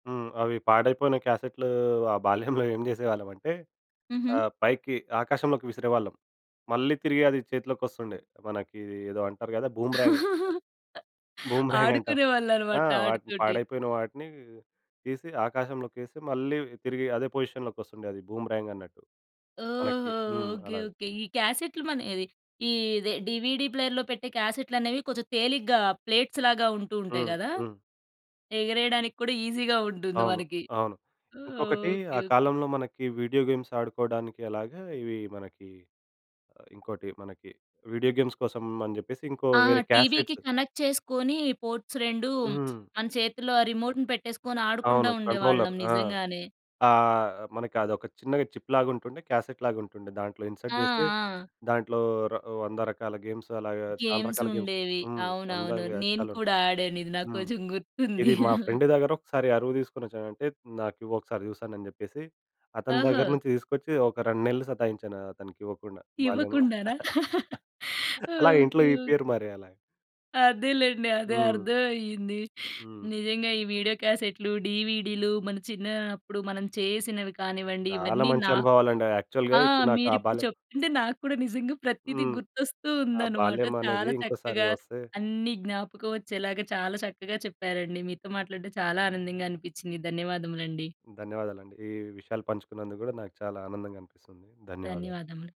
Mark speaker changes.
Speaker 1: హ్మ్. అవి పాడైపోయిన క్యాసెట్‌లూ ఆ బాల్యంలో ఏం జేసేవాళ్ళమంటే
Speaker 2: హుహు.
Speaker 1: ఆహ్, పైకి ఆకాశంలోకి విసిరేవాళ్ళం. మళ్ళీ తిరిగి అది చేతిలోకొస్తుండే. మనకి ఏదో అంటారు గదా! బూమ్‌రాంగ్... బూమ్‌రాంగంటాం. ఆ!
Speaker 2: ఆడుకునేవాళ్ళనమాట
Speaker 1: వాటిని
Speaker 2: ఆటితోటి.
Speaker 1: పాడైపోయిన వాటిని తీసి, ఆకాశంలోకేసి, మళ్ళీ తిరిగి అదే పొజిషన్‌లోకొస్తుండే. అది బూమ్‌రాంగన్నట్టు మనకి.
Speaker 2: ఓహో!
Speaker 1: హ్మ్.
Speaker 2: ఓకే.
Speaker 1: అలాగ.
Speaker 2: ఓకే. ఈ క్యాసెట్‌లు మన ఇదే ఈదే డీవీడీ ప్లేయర్‌లో పెట్టే క్యాసెట్‌లనేవి కొంచెం తేలిగ్గా ప్లేట్స్‌లాగా ఉంటూ ఉంటాయి
Speaker 1: హ్మ్.
Speaker 2: గదా!
Speaker 1: హ్మ్.
Speaker 2: ఎగరేయడానికి కూడా ఈజీ‌గా ఉంటుంది
Speaker 1: అవును.
Speaker 2: మనకి.
Speaker 1: అవును. ఇంకొకటి
Speaker 2: ఓకే.
Speaker 1: ఆ
Speaker 2: ఓకే.
Speaker 1: కాలంలో మనకి వీడియో గేమ్స్ ఆడుకోడానికి ఎలాగా, ఇవి మనకి. ఇంకోటి మనకి వీడియో గేమ్స్ కోసం అని చెప్పేసి, ఇంకో
Speaker 2: ఆ!
Speaker 1: వేరే
Speaker 2: టీవీ‌కి
Speaker 1: క్యాసెట్స్
Speaker 2: కనెక్ట్ చేసుకొని పోర్ట్స్ 2 హ్మ్,
Speaker 1: హ్మ్.
Speaker 2: మన చేతుల్లో ఆ రిమోట్‌ని పెట్టేసుకొని, ఆడుకుంటా
Speaker 1: అవును కంట్రోలర్.
Speaker 2: ఉండేవాళ్ళం
Speaker 1: ఆ!
Speaker 2: నిజంగానే.
Speaker 1: ఆహ్, మనకి అదొక చిన్నగా చిప్‌లాగా ఉంటుండే, క్యాసెట్‌లాగా ఉంటుండే, దాంట్లో
Speaker 2: ఆ!
Speaker 1: ఇన్సర్ట్ జేస్తే,
Speaker 2: ఆ!
Speaker 1: దాంట్లో ర వంద రకాల గేమ్స్ అలాగా, చాలా రకాల గేమ్స్
Speaker 2: గేమ్సుండేవి.
Speaker 1: హ్మ్.
Speaker 2: అవునవును.
Speaker 1: వందలు కాదు
Speaker 2: నేను
Speaker 1: చాలా ఉం
Speaker 2: కూడా ఆడాను. ఇది నాకు
Speaker 1: హ్మ్.
Speaker 2: కొంచెం
Speaker 1: ఇది
Speaker 2: గుర్తుంది.
Speaker 1: మా ఫ్రెండ్ దగ్గర ఒకసారి అరువు దీసుకొనొచ్చాను. అంటే నాకు ఇవ్వు. ఒకసారి జూస్తాను అని జెప్పేసి, అతని
Speaker 2: ఓహో!
Speaker 1: దగ్గర నుంచి తీసుకొచ్చి, ఒక 2 నెలలు సతాయించాను అతనికి ఇవ్వకుండా బాల్యంలో.
Speaker 2: ఇవ్వకుండానా?
Speaker 1: అలాగ ఇంట్లో
Speaker 2: ఓకే. ఓకే.
Speaker 1: ఇప్పియరు. మరేలా?
Speaker 2: అదేలెండి. అదే
Speaker 1: హ్మ్.
Speaker 2: అర్థవయ్యింది.
Speaker 1: హ్మ్.
Speaker 2: నిజంగా ఈ వీడియో క్యాసెట్‌లు, డీవీడీలు మన చిన్నా అప్పుడు మనం చేసినవి కానివ్వండి,
Speaker 1: చాలా
Speaker 2: ఇవన్నీ
Speaker 1: మంచి
Speaker 2: నాక్
Speaker 1: అనుభవాలండి. ఆహ్, యాక్చువల్‌గా
Speaker 2: ఆ!
Speaker 1: ఇప్పుడు నాకు ఆ
Speaker 2: మీరిప్పుడు
Speaker 1: బాల్యం
Speaker 2: చెప్తుంటే నాకు కూడా నిజంగా ప్రతీదీ
Speaker 1: హ్మ్.
Speaker 2: గుర్తొస్తూ
Speaker 1: ఆ
Speaker 2: ఉందనమాట.
Speaker 1: బాల్యమనేది
Speaker 2: చాలా
Speaker 1: ఇంకోసారి
Speaker 2: చక్కగా,
Speaker 1: వస్తే
Speaker 2: అన్ని జ్ఞాపకం వచ్చేలాగా, చాలా చక్కగా చెప్పారండి. మీతో మాట్లాడడం చాలా ఆనందంగా అనిపిచ్చిందండి. ధన్యవాదములండి.
Speaker 1: ధన్యవాదాలండి. ఈ విషయాలు పంచుకున్నందుకు గూడా నాకు చాలా ఆనందంగనిపిస్తుంది. ధన్యవాదాలు.
Speaker 2: ధన్యవాదములు.